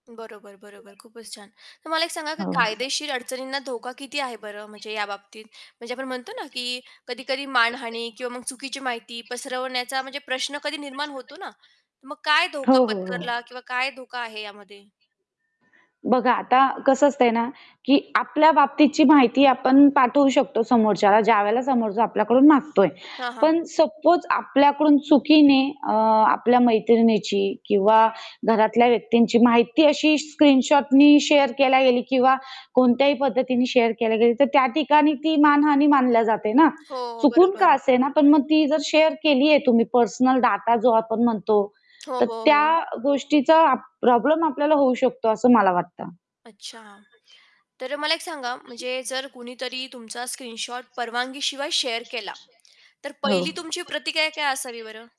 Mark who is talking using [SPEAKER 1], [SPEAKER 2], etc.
[SPEAKER 1] बरोबर, बरोबर. खूपच छान. तर मला एक सांगा की
[SPEAKER 2] हो.
[SPEAKER 1] कायदेशीर अडचणींना धोका किती आहे बरं म्हणजे या बाबतीत? म्हणजे आपण म्हणतो ना की कधी-कधी मानहानी किंवा मग चुकीची माहिती पसरवण्याचा म्हणजे प्रश्न कधी निर्माण होतो ना? तर मग काय धोका
[SPEAKER 2] हो, हो, हो.
[SPEAKER 1] पत्करला किंवा काय धोका आहे यामध्ये?
[SPEAKER 2] बघा आता कसं असतंय ना की आपल्या बाबतीची माहिती आपण पाठवू शकतो समोरच्याला, ज्यावेळेला समोरचा आपल्याकडून मागतोय.
[SPEAKER 1] हां, हां.
[SPEAKER 2] पण सपोज आपल्याकडून चुकीने अ, आपल्या मैत्रिणीची किंवा घरातल्या व्यक्तींची माहिती अशी स्क्रीनशॉटने शेअर केल्या गेली किंवा कोणत्याही पद्धतीने शेअर केल्या गेली, तर त्या ठिकाणी ती मानहानी मानली जाते ना.
[SPEAKER 1] हो, हो,
[SPEAKER 2] चुकून का
[SPEAKER 1] बरोबर.
[SPEAKER 2] असेना, पण मग ती जर शेअर केलीये तुम्ही पर्सनल डाटा जो आपण म्हणतो,
[SPEAKER 1] हो,
[SPEAKER 2] तर
[SPEAKER 1] हो,
[SPEAKER 2] त्या
[SPEAKER 1] हो.
[SPEAKER 2] गोष्टीचा प्रॉब्लेम आपल्याला होऊ शकतो असं मला वाटतं.
[SPEAKER 1] अच्छा. तर मला एक सांगा म्हणजे जर कुणीतरी तुमचा स्क्रीनशॉट परवानगीशिवाय शेअर केला, तर
[SPEAKER 2] हो.
[SPEAKER 1] पहिली तुमची प्रतिक्रिया काय असावी बरं?